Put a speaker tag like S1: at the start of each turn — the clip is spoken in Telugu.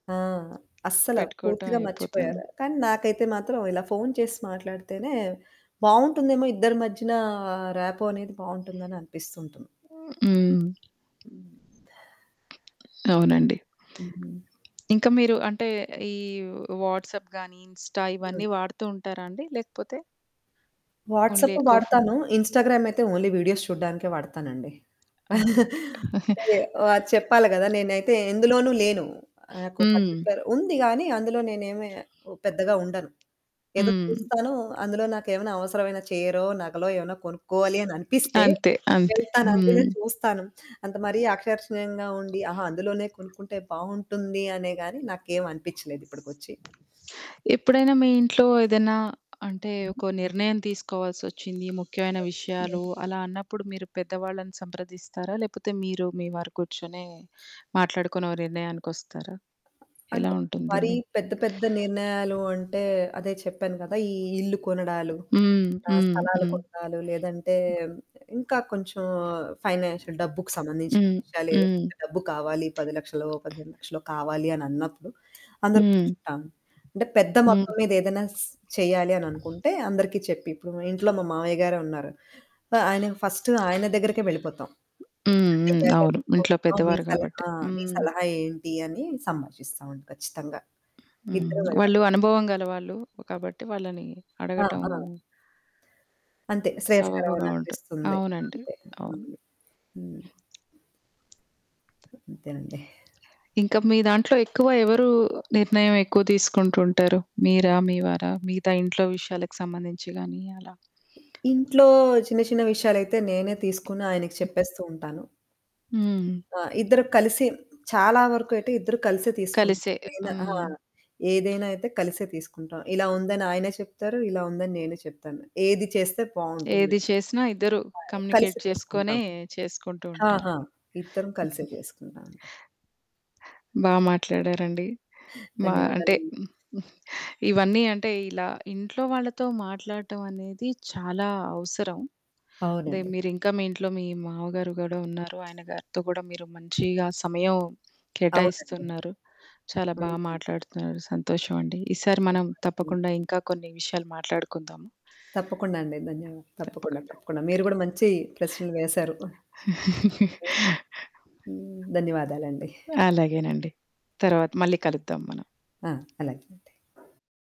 S1: ఆ! అస్సల
S2: పెట్టుకోటం
S1: పూర్తిగా
S2: అయిపోతాను.
S1: మర్చిపోయారు, కానీ నాకైతే మాత్రం ఇలా ఫోన్ చేసి మాట్లాడితేనే బావుంటుందేమో, ఇద్దరి మధ్యనా ర్యాపో అనేది బావుంటుందని అనిపిస్తుంటుంది.
S2: హ్మ్.
S1: హ్మ్.
S2: అవునండి.
S1: హ్మ్.
S2: ఇంక మీరూ అంటే, ఈవ్ వాట్సప్ గానీ, ఇన్‌స్టా
S1: ఇవన్ని
S2: ఇవన్నీ వాడుతూ ఉంటారా అండి లేకపోతే? ఓన్లీ
S1: వాట్సప్పు
S2: ఎకో ఫో
S1: వాడతాను. ఇన్‌స్టాగ్రామయితే ఓన్లీ వీడియోస్ చూడడానికే వాడతానండి.
S2: అంతే.
S1: టయె వా చెప్పాలి గదా! నేనైతే ఎందులోనూ లేను. నాకు
S2: హ్మ్.
S1: పర్టిక్యులర్ ఉంది గానీ, అందులో నేనేమి ఓ పెద్దగా ఉండను. ఏదో
S2: హ్మ్.
S1: చూస్తానూ, అందులో నాకేవైనా అవసరమైన చీరో, నగలో ఏవన్నా కొనుక్కోవాలి అననిపిస్తే
S2: అంతే. అంతే.
S1: వెళ్తాను, అందులో
S2: హ్మ్.
S1: చూస్తాను, అంత మరీ ఆకర్షణీయంగా ఉండి, ఆహా! అందులోనే కొనుక్కుంటే బావుంటుంది అనే గానీ, నాకేవనిపిచ్చలేదు ఇప్పడికొచ్చి.
S2: ఎప్పుడైనా మీ ఇంట్లో ఏదైనా అంటే,
S1: హ్మ్.
S2: ఒక నిర్ణయం తీసుకోవాల్సొచ్చింది, ముఖ్యమైన విషయాలు
S1: హ్మ్.
S2: అలా అన్నప్పుడు, మీరు పెద్దవాళ్ళని సంప్రదిస్తారా, లేపోతే మీరు, మీ వారు కూర్చొని మాట్లాడుకుని ఓ నిర్ణయానికొస్తారా?
S1: అంటే,
S2: ఎలా ఉంటుంది?
S1: మరీ
S2: మీ
S1: పెద్ద పెద్ద నిర్ణయాలు అంటే, అదే చెప్పాను గదా! ఈ ఇల్లు కొనడాలు,
S2: హ్మ్.
S1: ఆహ్,
S2: హ్మ్.
S1: స్థలాలు
S2: హ్మ్.
S1: కొనడాలు, లేదంటే హ్మ్, ఇంకా కొంచెం ఫైనాన్షియల్ డబ్బుకు సంబంధించిన
S2: హ్మ్.
S1: విషయాలేవైనా,
S2: హ్మ్.
S1: డబ్బు కావాలి పది లక్షలో, పదిహేను లక్షలో కావాలి అనన్నప్పుడు, అందరు
S2: హ్మ్.
S1: కూర్చుంటాము. అంటే, పెద్ద
S2: హ్మ్.
S1: మొత్తం మీదేదన్నాస్ చెయ్యాలి అననుకుంటే, అందరికి చెప్పి ఇప్పుడు మా ఇంట్లో మా మావయ్య గారే ఉన్నారు. ఆహ్, ఆయనకి ఫస్టు ఆయన దగ్గరకే వెళ్ళిపోతాం.
S2: హ్మ్.
S1: ఇలా
S2: హ్మ్.
S1: చెయ్యాలి
S2: అవును. ఇంట్లో
S1: అనుకుంటున్నాం మీ
S2: పెద్దవారు గాబట్టి.
S1: సలహా మీ
S2: హ్మ్.
S1: సలహా ఏంటీ అని సంభాషిస్తావండి ఖచ్చితంగా.
S2: హ్మ్.
S1: ఇద్దరం వెళ్తాం.
S2: వాళ్ళూ అనుభవం గల వాళ్ళు. కాబట్టి, వాళ్ళని
S1: ఆ!
S2: అడగటం
S1: ఆ! అంతే.
S2: సబబుగా ఉంటు
S1: శ్రేయస్కరవననిపిస్తుంది
S2: అవునండి.
S1: అంతే.
S2: అవును.
S1: హ్మ్. హ్మ్. అంతేనండి.
S2: ఇంక మీ దాంట్లో ఎక్కువ ఎవరూ నిర్ణయమెక్కువ తీసుకుంటుంటారు. మీరా, మీ వారా, మిగతా ఇంట్లో విషయాలకి సంబంధించి గానీ అలా?
S1: ఇంట్లో చిన్న చిన్న విషయాలయితే నేనే తీసుకుని ఆయనకి
S2: హుహు.
S1: చెప్పేస్తూ ఉంటాను.
S2: హ్మ్.
S1: ఆ! ఇద్దరు కలిసి చాలా వరకు అయితే ఇద్దరు కలిసే తీసుకుంటాం
S2: కలిసే,
S1: ఏదైనా ఆ!
S2: హ్మ్.
S1: ఏదైనా అయితే కలిసే తీసుకుంటాం. ఇలా ఉందని ఆయనే చెప్తారు, ఇలా ఉందని నేనూ చెప్తాను. ఏది చేస్తే బావుంటుంది.
S2: ఏది చేసినా ఇద్దరూ
S1: పాయ్
S2: కమ్యూనికేట్
S1: కలిసి
S2: చేసుకొనే
S1: తీసుకుంటాం.
S2: చేసుకుంటూ ఉంటారు.
S1: ఆహా! ఇద్దరం కలిసే
S2: హుహు.
S1: చేసుకుంటావండి
S2: బా మాట్లాడారండీ. మా అంటే
S1: ధన్యవాదాలండి.
S2: హ్మ్, హ్మ్. ఇవన్నీ అంటే, ఇలా ఇంట్లో వాళ్ళతో మాట్లాడటవనేది చాలా అవసరం. అదే
S1: అవునండి.
S2: మీరింకా మీ ఇంట్లో మీ మావగారు గూడా ఉన్నారు. ఆయన గారితో గూడా మీరు మంచీగా సమయం
S1: అవునండి.
S2: కేటాయిస్తున్నారు. చాలా బా
S1: కలిసి
S2: మాట్లాడుతున్నారు. సంతోషవండి. ఈసారి మనం
S1: అయిపోతది
S2: తప్పకుండా ఇంకా కొన్ని విషయాలు మాట్లాడుకుందాము.
S1: తప్పకుండా అండి. ధన్యవా తప్పకుండా.
S2: తప్పకుండా.
S1: తప్పకుండా. మీరు గూడా మంచీ ప్రశ్నలు వేశారు. హ్మ్. ధన్యవాదాలండి.
S2: అలాగేనండి. తర్వాత మళ్ళీ కలుద్దాం మనం.
S1: ఆ! అలాగే అండి.